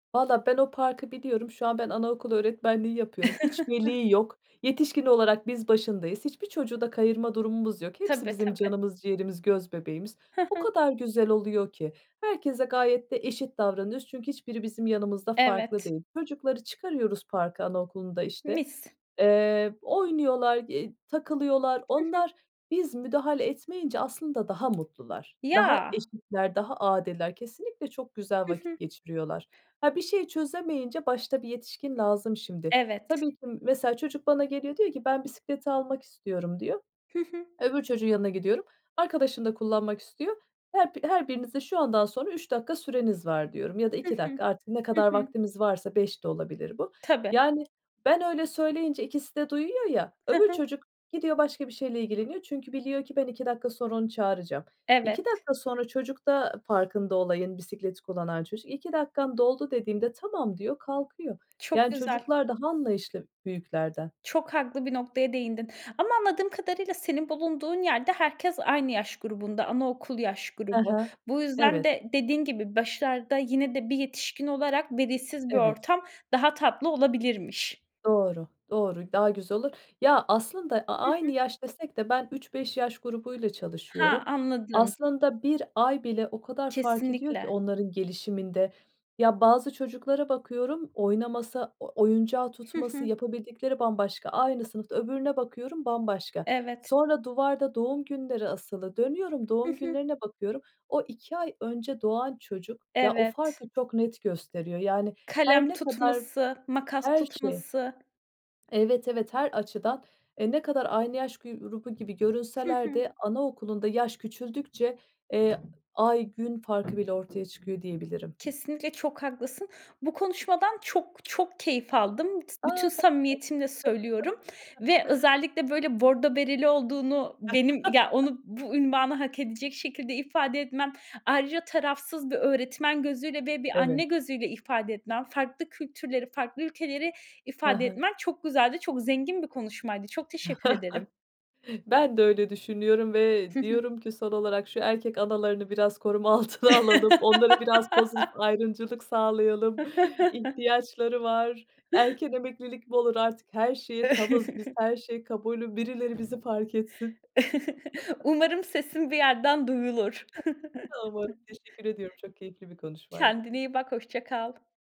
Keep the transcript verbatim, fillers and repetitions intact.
Valla ben o parkı biliyorum. Şu an ben anaokulu öğretmenliği yapıyorum. Hiç veli yok. Yetişkin olarak biz başındayız. Hiçbir çocuğu da kayırma durumumuz yok. Hepsi Tabii, bizim tabii. canımız ciğerimiz, göz bebeğimiz. Hı O hı. kadar güzel oluyor ki herkese gayet de eşit davranıyoruz çünkü hiçbiri bizim yanımızda farklı Evet. değil. Çocukları çıkarıyoruz parka anaokulunda, işte, Mis. eee, oynuyorlar y takılıyorlar. Hı hı. Onlar, biz müdahale etmeyince aslında daha mutlular, daha Ya! eşitler, daha adiller. Kesinlikle çok güzel Hı hı. vakit geçiriyorlar. Ha, bir şey çözemeyince başta bir yetişkin lazım, şimdi. Evet. Tabii ki mesela çocuk bana geliyor diyor ki: "Ben bisikleti almak istiyorum." diyor. Hı hı. Öbür çocuğun yanına gidiyorum, "Arkadaşın da kullanmak istiyor. Her bi her birinize şu andan sonra üç dakika süreniz var." diyorum ya da Hı iki hı. dakika artık ne Hı kadar hı. vaktimiz varsa beş de olabilir bu. Tabii. Yani ben öyle söyleyince ikisi de duyuyor ya, Hı öbür hı. çocuk gidiyor, başka bir şeyle ilgileniyor çünkü biliyor ki ben iki dakika sonra onu çağıracağım. iki Evet. dakika sonra çocuk da farkında olayın, bisikleti kullanan çocuk, "iki dakikan doldu." dediğimde, "Tamam." diyor, kalkıyor. Çok Yani güzel. çocuklar daha anlayışlı büyüklerden. Çok haklı bir noktaya değindin. Ama anladığım kadarıyla senin bulunduğun yerde herkes aynı yaş grubunda, anaokul yaş Ha grubu. ha. Bu yüzden Evet. de dediğin gibi, başlarda yine de bir yetişkin olarak, velisiz bir Evet. ortam daha tatlı olabilirmiş. Doğru, doğru, daha güzel olur. Ya, aslında a Hı hı. aynı yaş desek de ben üç beş yaş grubuyla Ha, çalışıyorum. anladım. Aslında bir ay bile o kadar fark ediyor ki Kesinlikle. onların gelişiminde. Ya, bazı çocuklara bakıyorum; oynaması, o oyuncağı Hı tutması, hı. yapabildikleri bambaşka. Aynı sınıfta öbürüne bakıyorum, bambaşka. Evet. Sonra, duvarda doğum günleri asılı, dönüyorum Hı doğum hı. günlerine bakıyorum, o iki ay önce doğan çocuk, ya, o Evet. farkı çok net gösteriyor yani her Kalem ne kadar tutması, makas Her şey. tutması. Evet, evet her açıdan, eee, ne kadar aynı yaş gürubu gibi Hı görünseler hı. de anaokulunda yaş küçüldükçe, eee, ay, gün farkı bile ortaya çıkıyor diyebilirim. Kesinlikle çok haklısın. Bu konuşmadan çok çok keyif aldım. S bütün A! samimiyetimle söylüyorum. [unintelligible] Ve özellikle böyle bordo bereli olduğunu benim ya, onu bu ünvanı hak edecek şekilde ifade etmen, ayrıca tarafsız bir öğretmen gözüyle ve bir anne Evet. gözüyle ifade etmen; farklı kültürleri, farklı ülkeleri Ha ifade ha. etmen çok güzeldi. Çok zengin bir konuşmaydı. Çok teşekkür ederim. Ben de öyle düşünüyorum ve Hı hı. diyorum ki son olarak, şu erkek analarını biraz koruma altına alalım, onlara biraz pozitif ayrımcılık sağlayalım. İhtiyaçları var, erken emeklilik mi olur artık her şeye tavız biz, her şey kabulüm, birileri bizi fark etsin. Umarım sesim bir yerden duyulur. Tamam, teşekkür ediyorum. Çok keyifli bir konuşmaydı. Kendine iyi bak, hoşça kal.